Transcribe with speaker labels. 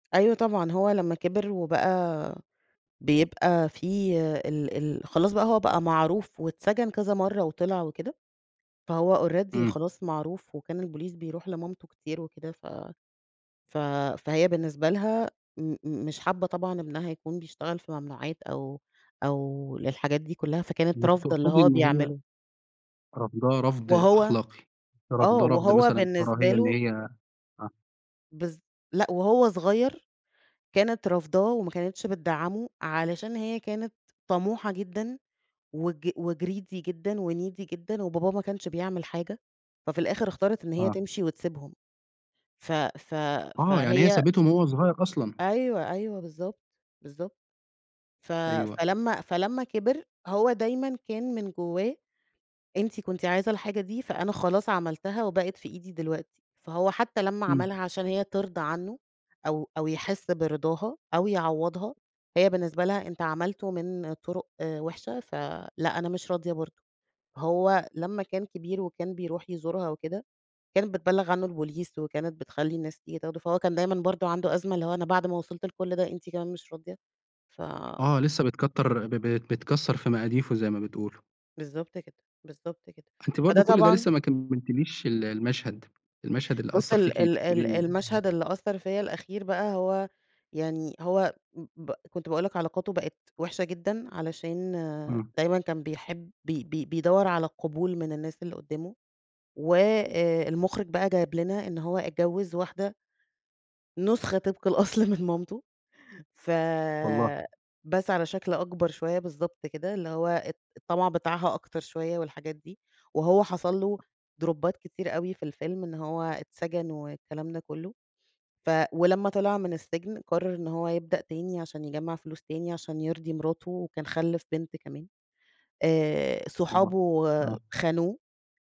Speaker 1: أيوه طبعًا، هو لمّا كبر وبقى بيبقى في ال ال خلاص بقى هو بقى معروف، واتسجن كذا مرة وطلع وكده، فهو already
Speaker 2: إمم.
Speaker 1: خلاص معروف، وكان البوليس بيرُوح لمامته كتير وكده، ف ف فهي بالنسبة لها م م مش حابَّة طبعًا ابنها يكون بيشتغل في ممنوعات، أو أو للحاجات دي كلّها، فكانت
Speaker 2: أنتِ
Speaker 1: رافضة اللي
Speaker 2: تقصدي
Speaker 1: هو
Speaker 2: إن هي
Speaker 1: بيعمله.
Speaker 2: رافضاه رفض
Speaker 1: وهو
Speaker 2: أخلاقي،
Speaker 1: آه،
Speaker 2: رافضاه رفض
Speaker 1: وهو
Speaker 2: مثلًا
Speaker 1: بالنسبة
Speaker 2: كراهية إن
Speaker 1: له
Speaker 2: هي آه.
Speaker 1: بالض لأ، وهو صغير كانت رافضاه وما كانتش بتدّعمه، علشان هي كانت طموحة جدًا وج وgreedy جدًا وneedy جدًا، وباباه ما كانش بيعمل حاجة، ففي الآخر اختارت إن هي
Speaker 2: آه.
Speaker 1: تمشي وتسيبهم. ف ف
Speaker 2: آه، يعني هي
Speaker 1: فهي
Speaker 2: سابته من وهو صغير أصلًا.
Speaker 1: أيوه أيوه بالضبط، بالضبط. ف
Speaker 2: أيوه أيو
Speaker 1: فلمّا فلمّا كبِر، هو دايمًا كان من جوّاه: "أنتِ كنتِ عايزة الحاجة دي، فأنا خلاص عملتها وبقت في إيدي دلوقتي." فهو حتى لمّا
Speaker 2: إمم.
Speaker 1: عملها عشان هي ترضى عنه، أو أو يحس برضاها، أو يعوّضها، هي بالنسبة لها "أنتَ عملته من طُرُق وحشة، فلأ أنا مش راضِية برضه." هو لمّا كان كبير وكان بيرُوح يزورها وكده، كانت بتبلِّغ عنه البوليس، وكانت بتخلِّي الناس تيجي تاخُده، فهو كان دايمًا برضه عنده أزمة اللي هو "أنا بعد ما وصلت لكل ده، أنتِ كمان مش راضِية؟" ف
Speaker 2: آه لسه بتكَتَّر ب ب بتكَسَّر في مقاديفه زي ما بتقولوا.
Speaker 1: بالضبط كده، بالضبط كده.
Speaker 2: أنتِ
Speaker 1: فده
Speaker 2: برضه كل ده
Speaker 1: طبعًا
Speaker 2: لسه ما كمَّلتِليش ال المشهد، المشهد اللي
Speaker 1: بُص
Speaker 2: أثَّر
Speaker 1: ال
Speaker 2: فيكِ، أنتِ
Speaker 1: ال ال
Speaker 2: بقولي
Speaker 1: المشهد اللي أثّر فيَّ الأخير بقى هو يعني هو ب كنت باقول لك علاقاته بقت وحشة جدًا علشان
Speaker 2: إمم.
Speaker 1: دايمًا كان بيحب ب ب بيدوّر على قبول من الناس اللي قُدّامه، وآآ المخرج بقى جايب لنا إن هو اتجوّز واحدة نسخة طبق الأصل من مامِته. ف
Speaker 2: والله!
Speaker 1: بس على شكل أكبر شوية، بالضبط كده اللي هو ات الطمَع بتاعها أكتَر شوية والحاجات دي. وهو حصل له دروبات كتير أوي في الفيلم، إن هو اتسجن والكلام ده كلّه، ف ولمّا طِلِع من السجن قرَّر إن هو يبدأ تاني عشان يجمَّع فلوس تاني عشان يرضِي مراته، وكان خلَّف بنت كمان، آآ،
Speaker 2: والله!
Speaker 1: صحابه
Speaker 2: آه.
Speaker 1: خانوه